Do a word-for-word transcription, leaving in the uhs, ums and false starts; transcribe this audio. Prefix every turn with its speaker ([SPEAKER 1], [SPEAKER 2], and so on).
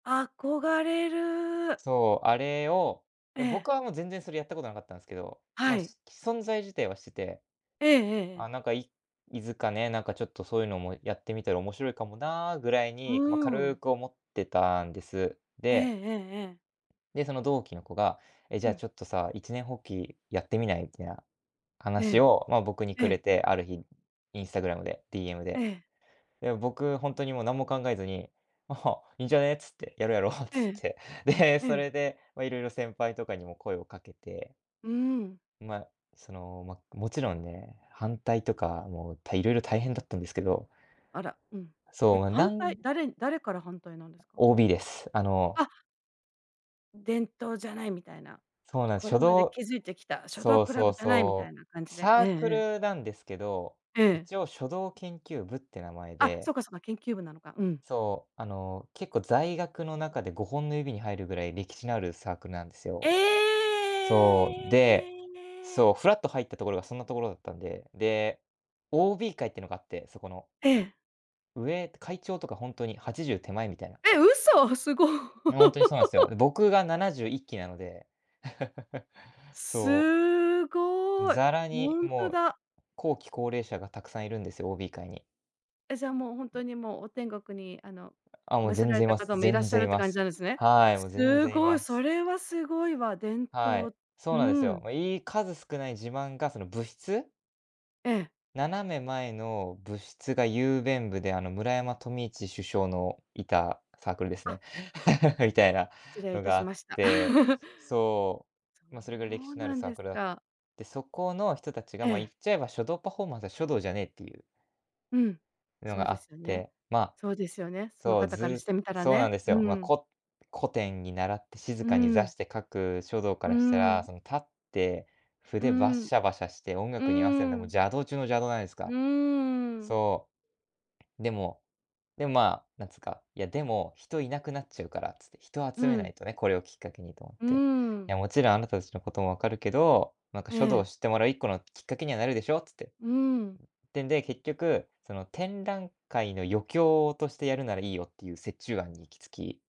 [SPEAKER 1] 憧れる。
[SPEAKER 2] そう。あれを
[SPEAKER 1] え
[SPEAKER 2] え、僕
[SPEAKER 1] え。
[SPEAKER 2] はもう全然、それやったことなかったんすけど。ま
[SPEAKER 1] は
[SPEAKER 2] あ、
[SPEAKER 1] い。
[SPEAKER 2] しき存在自体は知ってて。
[SPEAKER 1] えええええ
[SPEAKER 2] あ
[SPEAKER 1] え。
[SPEAKER 2] あ、なんか、いいづかねなんかちょっと「そういうのもやってみたら面白いかもな」ぐらい
[SPEAKER 1] う
[SPEAKER 2] に、ま、
[SPEAKER 1] ー
[SPEAKER 2] 軽
[SPEAKER 1] ん。
[SPEAKER 2] く思ってたんです。
[SPEAKER 1] ええ
[SPEAKER 2] で。
[SPEAKER 1] ええええ。
[SPEAKER 2] で、その同期の子が「え、じ
[SPEAKER 1] う
[SPEAKER 2] ゃあ
[SPEAKER 1] ん。
[SPEAKER 2] ちょっとさあ、一念発起やってみない？」みたいな
[SPEAKER 1] え
[SPEAKER 2] 話
[SPEAKER 1] え。
[SPEAKER 2] を、まあ、僕に
[SPEAKER 1] え
[SPEAKER 2] くれ
[SPEAKER 1] え。
[SPEAKER 2] て。ある日、Instagram で。DM
[SPEAKER 1] え
[SPEAKER 2] で。
[SPEAKER 1] え。
[SPEAKER 2] で、僕ホントにもう、何も考えずに「あは、いいんじゃねえ」っつって。「やろうやろう」っつ
[SPEAKER 1] え
[SPEAKER 2] っ
[SPEAKER 1] え。
[SPEAKER 2] て。で、
[SPEAKER 1] え
[SPEAKER 2] そ
[SPEAKER 1] え。
[SPEAKER 2] れで、まあ色々、先輩とかにも声をかけて。
[SPEAKER 1] うーん。
[SPEAKER 2] ま、その、ま、もちろんね。反対とか、もう、た色々、大変だったんですけど。
[SPEAKER 1] あら、うん。え、
[SPEAKER 2] そう。な
[SPEAKER 1] 反対。
[SPEAKER 2] ん
[SPEAKER 1] 誰に誰から反対なんですか？
[SPEAKER 2] OB です。あの。
[SPEAKER 1] あ。「伝統じゃない」みたいな。
[SPEAKER 2] そうなんす、
[SPEAKER 1] 「これ
[SPEAKER 2] 書
[SPEAKER 1] まで
[SPEAKER 2] 道
[SPEAKER 1] 築いてきた、書道
[SPEAKER 2] そう
[SPEAKER 1] クラ
[SPEAKER 2] そ
[SPEAKER 1] ブ
[SPEAKER 2] う
[SPEAKER 1] じゃない」みた
[SPEAKER 2] そ
[SPEAKER 1] いな感
[SPEAKER 2] う。
[SPEAKER 1] じで。
[SPEAKER 2] サ
[SPEAKER 1] ええ
[SPEAKER 2] ー
[SPEAKER 1] え
[SPEAKER 2] ク
[SPEAKER 1] え。
[SPEAKER 2] ルなんですけど。
[SPEAKER 1] ええ。
[SPEAKER 2] 一応、書道研究部って名前
[SPEAKER 1] あ、
[SPEAKER 2] で。
[SPEAKER 1] そかそか。研究部なのか。うん。
[SPEAKER 2] そう。あの、結構、在学の中で、ごほんの指に入るくらい、歴史のあるサークルなんです
[SPEAKER 1] え
[SPEAKER 2] よ。そう。で、そ
[SPEAKER 1] え。
[SPEAKER 2] う、ふらっと入ったところが、そんなところだったんで。で、OB 会っていうのがあって。そこの。
[SPEAKER 1] ええ。
[SPEAKER 2] 上会長とか、ホントにはちじゅう手前みたいな。
[SPEAKER 1] え！嘘。すご。
[SPEAKER 2] え、ホントにそうなんすよ。で、僕がななじゅういっきなので。そう。
[SPEAKER 1] すごい、
[SPEAKER 2] ざらに、
[SPEAKER 1] ホント
[SPEAKER 2] も
[SPEAKER 1] だ。
[SPEAKER 2] う、後期高齢者がたくさんいるんですよ、OB 会に。
[SPEAKER 1] え。じゃあ、もう、ホントにもう、お天国に、あの、
[SPEAKER 2] あ、もう、
[SPEAKER 1] 召せ
[SPEAKER 2] 全
[SPEAKER 1] られ
[SPEAKER 2] 然い
[SPEAKER 1] た
[SPEAKER 2] ま
[SPEAKER 1] 方
[SPEAKER 2] す。
[SPEAKER 1] も、いらっ
[SPEAKER 2] 全
[SPEAKER 1] しゃ
[SPEAKER 2] 然
[SPEAKER 1] る
[SPEAKER 2] い
[SPEAKER 1] って
[SPEAKER 2] ま
[SPEAKER 1] 感じ
[SPEAKER 2] す。
[SPEAKER 1] なんですね。
[SPEAKER 2] はい。もう全
[SPEAKER 1] す
[SPEAKER 2] 然い
[SPEAKER 1] ごい。
[SPEAKER 2] ま
[SPEAKER 1] そ
[SPEAKER 2] す。
[SPEAKER 1] れはすごいわ。伝
[SPEAKER 2] はい。
[SPEAKER 1] 統。
[SPEAKER 2] そ
[SPEAKER 1] う
[SPEAKER 2] うなんですよ。
[SPEAKER 1] ん。
[SPEAKER 2] まあ、いい数少ない自慢が、その、部室
[SPEAKER 1] ええ。
[SPEAKER 2] 斜め前の部室が、雄弁部で。あの、村山富市首相のいたサークルです
[SPEAKER 1] あ。
[SPEAKER 2] ね。みたいな
[SPEAKER 1] 失礼い
[SPEAKER 2] の
[SPEAKER 1] た
[SPEAKER 2] があ
[SPEAKER 1] し
[SPEAKER 2] っ
[SPEAKER 1] ました。そう
[SPEAKER 2] て。
[SPEAKER 1] なんですか。
[SPEAKER 2] そ
[SPEAKER 1] そ
[SPEAKER 2] う。まあ、それぐらい歴
[SPEAKER 1] う
[SPEAKER 2] 史のある
[SPEAKER 1] なん
[SPEAKER 2] サー
[SPEAKER 1] です
[SPEAKER 2] クルだ
[SPEAKER 1] か。
[SPEAKER 2] で、そこの人たちが
[SPEAKER 1] え
[SPEAKER 2] まあ、言
[SPEAKER 1] え。
[SPEAKER 2] っちゃえば「書道パフォーマンスは書道じゃねえ」っていう
[SPEAKER 1] うん。
[SPEAKER 2] いうの
[SPEAKER 1] そう
[SPEAKER 2] があ
[SPEAKER 1] で
[SPEAKER 2] っ
[SPEAKER 1] すよね。
[SPEAKER 2] て。ま、
[SPEAKER 1] そうですよね。その
[SPEAKER 2] そう、
[SPEAKER 1] 方からし
[SPEAKER 2] ず
[SPEAKER 1] てみたら
[SPEAKER 2] そうなん
[SPEAKER 1] ね。
[SPEAKER 2] ですよ。
[SPEAKER 1] う
[SPEAKER 2] まあ、
[SPEAKER 1] ん。
[SPEAKER 2] こ古典に習って、静
[SPEAKER 1] う
[SPEAKER 2] かに座
[SPEAKER 1] ん。
[SPEAKER 2] して書く書道か
[SPEAKER 1] う
[SPEAKER 2] らしたら、
[SPEAKER 1] ん。
[SPEAKER 2] その、立って、
[SPEAKER 1] う
[SPEAKER 2] 筆バッ
[SPEAKER 1] ん。
[SPEAKER 2] シャバシャして音
[SPEAKER 1] う
[SPEAKER 2] 楽に合わせるんで、もう、
[SPEAKER 1] ん。
[SPEAKER 2] 邪道中の邪道じゃないです
[SPEAKER 1] う
[SPEAKER 2] か。
[SPEAKER 1] んうん。
[SPEAKER 2] そう。でも、でも、まあ、なんつうか「いや、でも、人いなくなっちゃうから」つって。人を
[SPEAKER 1] う
[SPEAKER 2] 集めな
[SPEAKER 1] ん。
[SPEAKER 2] いとね、これをきっかけにと思っ
[SPEAKER 1] う
[SPEAKER 2] て。「い
[SPEAKER 1] ん。
[SPEAKER 2] や、もちろん、あなたたちのことも分かるけど、なんか、
[SPEAKER 1] え
[SPEAKER 2] 書道を
[SPEAKER 1] え。
[SPEAKER 2] 知ってもらう、いっこのきっかけにはなるでしょう」つって。うん。っ
[SPEAKER 1] うん。
[SPEAKER 2] てんで結局、その「展覧会の余興としてやるならいいよ」っていう、折衷案に行き着き。